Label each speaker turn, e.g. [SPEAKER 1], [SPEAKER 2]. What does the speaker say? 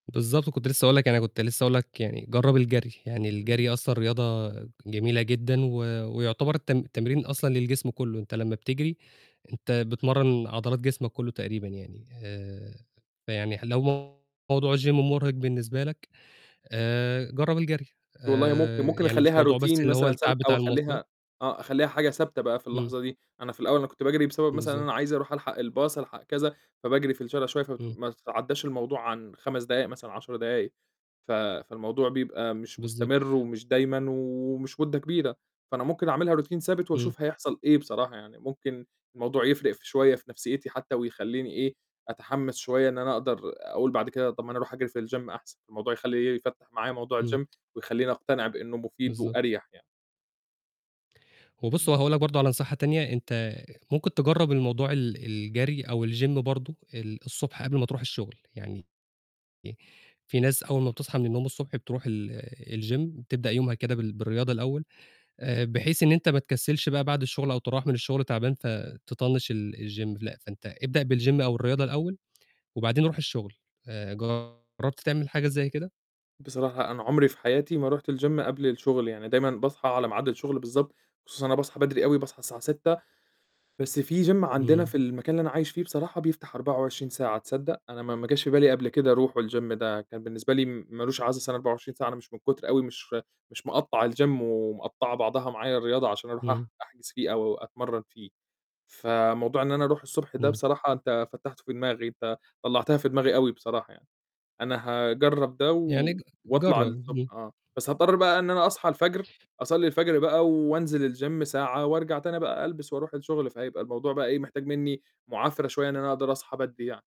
[SPEAKER 1] بالضبط، كنت لسه هاقول لك، أنا كنت لسه هاقول لك يعني جرّب الجري، يعني
[SPEAKER 2] إمم.
[SPEAKER 1] الجري أصلًا رياضة جميلة جدًا و ويُعتبر الت التمرين أصلًا للجسم كله، أنت لمّا بتجري، أنت بتمرن عضلات جسمك كله تقريبًا يعني، آآ، فيعني لو موضوع الGym مرهق بالنسبة لك، آآ، جرّب الجري
[SPEAKER 2] والله ممكن،
[SPEAKER 1] آآ،
[SPEAKER 2] ممكن
[SPEAKER 1] يعني مش
[SPEAKER 2] أخليها
[SPEAKER 1] موضوع بس
[SPEAKER 2] Routine
[SPEAKER 1] اللي هو
[SPEAKER 2] مثلًا ثابت
[SPEAKER 1] التعب
[SPEAKER 2] أو
[SPEAKER 1] بتاع المواصلات
[SPEAKER 2] أخليها آه، أخليها حاجة ثابتة بقى في
[SPEAKER 1] امم.
[SPEAKER 2] اللحظة دي، أنا في الأول أنا كنت باجري بسبب مثلًا أنا
[SPEAKER 1] بالضبط.
[SPEAKER 2] عايز أرُوح ألحق الباص ألحق كذا، فباجري في الشارع شوية، فت
[SPEAKER 1] إمم.
[SPEAKER 2] فما تتعداش الموضوع عن 5 دقايق مثلًا 10 دقايق. ف فالموضوع بيبقى مش
[SPEAKER 1] بالضبط
[SPEAKER 2] مستمر ومش دايمًا ومش مدة كبيرة، فأنا ممكن أعملها Routine ثابت
[SPEAKER 1] امم.
[SPEAKER 2] وأشوف هيحصل إيه بصراحة يعني، ممكن الموضوع يفرق شوية في نفسيتي حتى ويخليني إيه، أتحمس شوية إن أنا أقدر أقول بعد كده طَب ما أنا أرُوح أجري في الGym أحسن، الموضوع يخلي، يفتح معايا موضوع
[SPEAKER 1] امم.
[SPEAKER 2] الGym ويخليني أقتنع بأنه مفيد
[SPEAKER 1] بالضبط.
[SPEAKER 2] وأريّح يعني.
[SPEAKER 1] وبُص
[SPEAKER 2] إمم.
[SPEAKER 1] وهاقول لك برضه على نصيحة تانية، أنت ممكن تجرّب الموضوع ال الجري أو الGym برضه، ال الصبح قبل ما ترُوح الشغل، يعني ي في ناس أول ما بتصحى من النوم الصبح بترُوح ال الGym بتبدأ يومها كده بال بالرياضة الأول، بحيث إن أنت ما تكسلش بقى بعد الشغل أو تروَّح من الشغل تعبان فتطنش ال الGym لأ، فأنت ابدأ بالGym أو الرياضة الأول، وبعدين رُوح الشغل. آآ، جرّبت تعمل حاجة زي كده؟
[SPEAKER 2] بصراحة أنا عمري في حياتي ما رُحت الGym قبل الشغل يعني، دايمًا باصحى على ميعاد الشغل بالضبط، خصوصًا أنا باصحى بدري أوي، باصحى الساعة 06:00 بس في Gym عندنا
[SPEAKER 1] امم.
[SPEAKER 2] في المكان اللي أنا عايش فيه، بصراحة بيفتح 24 ساعة تصدق؟ أنا ما ما جاش في بالي قبل كده أرُوحه والGym ده كان بالنسبة لي مالوش عازه، أصل أنا 24 ساعة، أنا مش من كُتر أوي مش مش مقطّع والGym ومقطّعة بعضها معايا الرياضة عشان أرُوح
[SPEAKER 1] إمم.
[SPEAKER 2] أح أحجز فيه أو أتمرن فيه. فموضوع إن أنا أرُوح الصبح ده
[SPEAKER 1] امم.
[SPEAKER 2] بصراحة أنت فتحته في دماغي، أنت طلعتها في دماغي أوي بصراحة يعني، أنا هاجرّب ده
[SPEAKER 1] يعني
[SPEAKER 2] و
[SPEAKER 1] ج
[SPEAKER 2] وأطلع
[SPEAKER 1] جرّب،
[SPEAKER 2] الصبح
[SPEAKER 1] امم.
[SPEAKER 2] آه. بس هاضطر بقى إن أنا أصحى الفجر، أصلي الفجر بقى وأنزل والGym ساعة وأرجع تاني بقى ألبس وأرُوح الشغل، فهيبقى الموضوع بقى إيه، محتاج مني معافرة شوية، إن أنا أقدر أصحى بدري يعني.